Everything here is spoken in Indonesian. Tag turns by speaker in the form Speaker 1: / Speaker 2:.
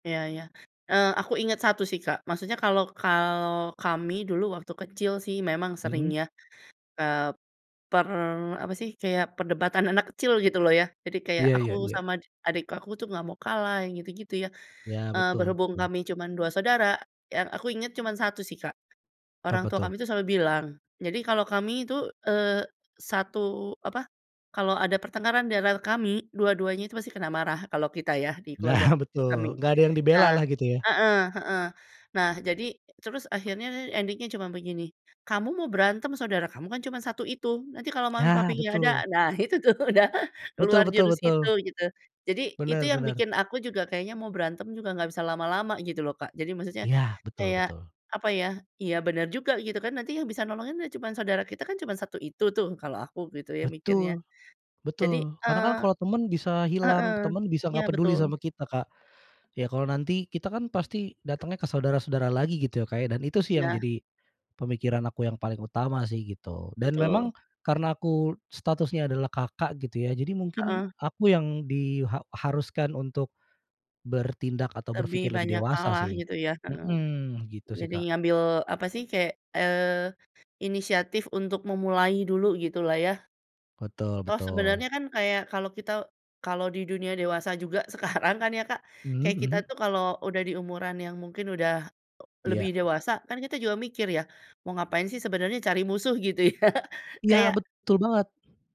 Speaker 1: Iya iya. Eee, aku inget satu sih Kak, maksudnya kalo kalo kami dulu waktu kecil sih memang sering
Speaker 2: Hmm.
Speaker 1: ya, eee, per apa sih kayak, perdebatan anak kecil gitu loh ya, jadi kayak
Speaker 2: Iya
Speaker 1: aku
Speaker 2: iya iya.
Speaker 1: sama dik adik aku tuh nggak mau kalah yang gitu-gitu ya.
Speaker 2: Iya
Speaker 1: Eee,
Speaker 2: betul
Speaker 1: berhubung
Speaker 2: betul.
Speaker 1: kami cuman 2 saudara, yang aku inget cuman 1 sih Kak, orang
Speaker 2: Apa
Speaker 1: tua
Speaker 2: tuh?
Speaker 1: kami tuh selalu bilang jadi kalo kami itu, eee, satu apa, kalo ada pertengkaran diantara kami, dua-duanya itu masih kena marah kalo kita ya, di keluarga
Speaker 2: Nah
Speaker 1: kami.
Speaker 2: betul, nggak ada yang dibela
Speaker 1: Nah
Speaker 2: lah gitu ya?
Speaker 1: heeh heeh. Nah jadi terus akhirnya ending-nya cuman begini, "Kamu mau berantem, saudara kamu kan cuma satu itu, nanti kalo mami
Speaker 2: Ya
Speaker 1: papi nggak ada?"
Speaker 2: betul.
Speaker 1: Nah itu tuh udah
Speaker 2: Betul
Speaker 1: keluar
Speaker 2: betul
Speaker 1: jurus
Speaker 2: betul.
Speaker 1: itu gitu. Jadi itu
Speaker 2: Bener
Speaker 1: yang
Speaker 2: bener.
Speaker 1: bikin aku juga kayaknya mau berantem juga nggak bisa lama-lama gitu loh, Kak. Jadi maksudnya
Speaker 2: Iya, betul
Speaker 1: kayak
Speaker 2: betul.
Speaker 1: apa ya, iya bener juga gitu kan, nanti yang bisa nolongin ya cuman saudara kita kan cuman 1 itu tuh, kalau aku gitu ya mikirnya.
Speaker 2: Betul
Speaker 1: Jadi,
Speaker 2: betul, karena
Speaker 1: eee
Speaker 2: kan kalo teman bisa hilang,
Speaker 1: heeh.
Speaker 2: teman bisa
Speaker 1: Iya
Speaker 2: nggak peduli
Speaker 1: betul.
Speaker 2: sama kita, Kak. Ya kalo nanti kita kan pasti datangnya ke saudara-saudara lagi gitu ya Kak ya, dan itu sih yang
Speaker 1: Nah.
Speaker 2: jadi pemikiran aku yang paling utama sih gitu, dan memang
Speaker 1: Betul.
Speaker 2: karena aku statusnya adalah Kakak gitu ya jadi mungkin
Speaker 1: Heeh.
Speaker 2: aku yang di ha haruskan untuk bertindak atau
Speaker 1: Lebih
Speaker 2: berpikir lebih
Speaker 1: banyak
Speaker 2: dewasa
Speaker 1: kalah
Speaker 2: sih.
Speaker 1: gitu ya, heeh.
Speaker 2: Hmm, gitu sih,
Speaker 1: Jadi
Speaker 2: Kak.
Speaker 1: ngambil apa sih, kayak, eee, inisiatif untuk memulai dulu gitu lah ya.
Speaker 2: Betul
Speaker 1: Toh
Speaker 2: betul.
Speaker 1: sebenarnya kan kayak kalo kita kalo di dunia dewasa juga sekarang kan ya Kak,
Speaker 2: Mhm
Speaker 1: kayak kita
Speaker 2: mhm.
Speaker 1: tuh kalo udah diumuran yang mungkin udah, eee, lebih
Speaker 2: Iya.
Speaker 1: dewasa kan kita juga mikir ya, mau ngapain sih sebenarnya cari musuh gitu ya,
Speaker 2: Iya,
Speaker 1: kayak
Speaker 2: betul banget.